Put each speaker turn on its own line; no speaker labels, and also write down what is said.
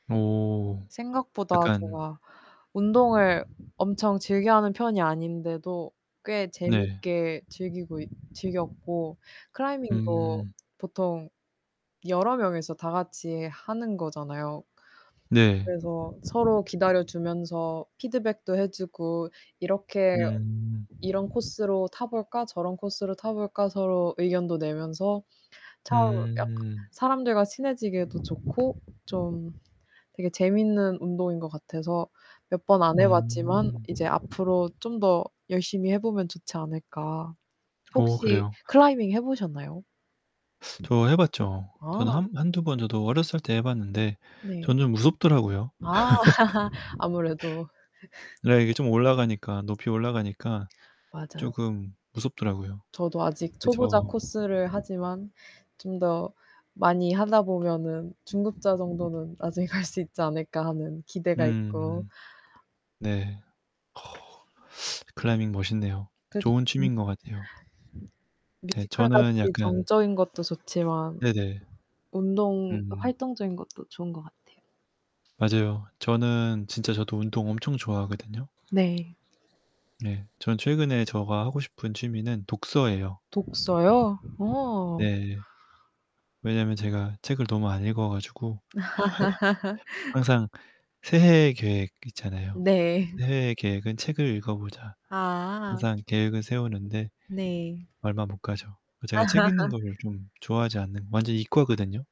어.
생각보다
약간
제가 운동을 엄청 즐겨 하는 편이 아닌데도 꽤
네.
재밌게 즐기고 있 즐겼고 클라이밍도
음.
보통 여러 명이서 다 같이 하는 거잖아요.
네.
그래서 서로 기다려 주면서 피드백도 해 주고 이렇게
음.
"이런 코스로 타 볼까? 저런 코스로 타 볼까?" 서로 의견도 내면서 참 약
음.
사람들과 친해지기에도 좋고 좀 되게 재밌는 운동인 것 같아서 몇 번 안 해 봤지만
음.
이제 앞으로 좀 더 열심히 해 보면 좋지 않을까.
어
혹시
그래요.
클라이밍 해 보셨나요?
저 해 봤죠.
아.
저는 한 1, 2 번 저도 어렸을 때 해 봤는데
네.
저는 좀 무섭더라고요.
아. 아무래도.
네. 이게 좀 올라가니까 높이 올라가니까
맞아요.
쪼금 무섭더라고요.
저도 아직 초보자
그쵸.
코스를 하지만 '좀 더 많이 하다 보면은 중급자 정도는 나중에 갈 수 있지 않을까?' 하는 기대가 있고
음. 네. 클라이밍 멋있네요.
그죠.
좋은
음.
취미인 것 같아요. 네. 저는
뮤지컬같이
약간
정적인 것도 좋지만
네네.
운동
음.
활동적인 것도 좋은 것 같아요.
맞아요. 저는 진짜 저도 운동 엄청 좋아하거든요.
네.
예. 저는 최근에 제가 하고 싶은 취미는 독서예요.
독서요? 어.
네. 왜냐면 제가 책을 너무 안 읽어 가지고 항상 새해의 계획 있잖아요.
네.
새해의 계획은 책을 읽어 보자.
아.
항상 계획을 세우는데
네.
얼마 못 가죠. 제가 책 읽는 거를 좀 좋아하지 않는 완전 이과거든요?